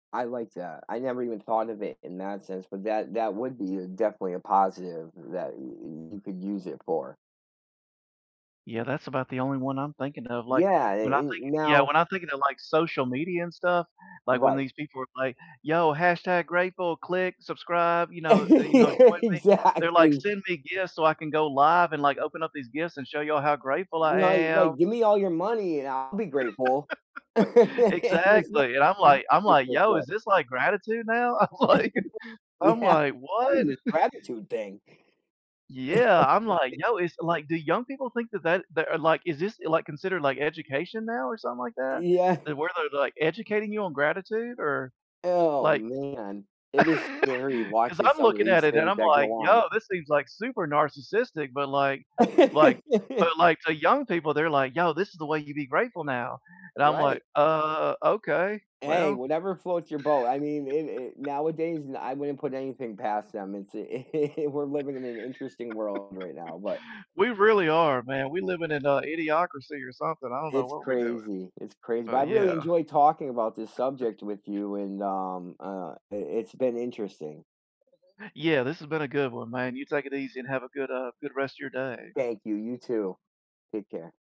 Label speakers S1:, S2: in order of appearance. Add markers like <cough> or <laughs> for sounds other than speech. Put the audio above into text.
S1: I like that, I never even thought of it in that sense, but that that would be a definitely a positive that eh, eh, you could use it for.
S2: Yeah, that's about the only one I'm thinking of, like,
S1: Yeah,
S2: when I
S1: eh, eh,
S2: think yeah,
S1: now
S2: when I think of it like, social media and stuff, like, when
S1: Right.
S2: these people are like, "Yo, hashtag grateful. Click, subscribe!" You know, eh, you know, "Join
S1: <laughs>
S2: me," they're like,
S1: Exactly.
S2: "Send me gifts so I can go live and, like, open up these gifts and show y'all how grateful I
S1: Right,
S2: am!"
S1: right. Give me all your money, and I'll be grateful. <laughs> And
S2: <laughs>
S1: it's not
S2: Exactly, and I'm like I'm like, "Yo, is
S1: <unintelligible>
S2: this, like, gratitude now?" I'm like
S1: <laughs>
S2: I'm
S1: Yeah,
S2: like, "What?"
S1: probably this
S2: <laughs>
S1: gratitude thing.
S2: Yeah, I'm like,
S1: <laughs>
S2: "Yo" it's like, do young people think that that that are, like is this, like, considered, like, education now or something like that?
S1: Yeah.
S2: Eh, where they're, like, educating you on gratitude? Or
S1: Oh,
S2: like
S1: man!
S2: <laughs>
S1: It is scary
S2: 'Cause
S1: watching
S2: I'm
S1: some of
S2: looking at
S1: these
S2: it, and
S1: things
S2: I'm
S1: that go
S2: like,
S1: on.
S2: "Yo, this seems, like, super narcissistic," but, like like but,
S1: <laughs>
S2: like, the young people, they're like, "Yo, this is the way you'd be grateful now!" And I'm like,
S1: Right!
S2: "Uh, okay,
S1: Hey,
S2: well"
S1: whatever floats your boat! I mean, eh, eh, nowadays, ah,
S2: <laughs>
S1: I wouldn't put anything past them, it's eh, <laughs> we're living in an interesting world right now, but
S2: <laughs> We really are, man, we living in a idiocracy or something, I don't know
S1: it's
S2: what we're doing.
S1: crazy, it's craz but I
S2: But,
S1: really
S2: yeah.
S1: enjoyed talking about this
S2: <chuckles>
S1: subject with you, and, um, uh, i it's been interesting.
S2: Yeah, this has been a good one, man. You take it easy, and have a good, uh, good rest of your day.
S1: Thank you, you too. Take care.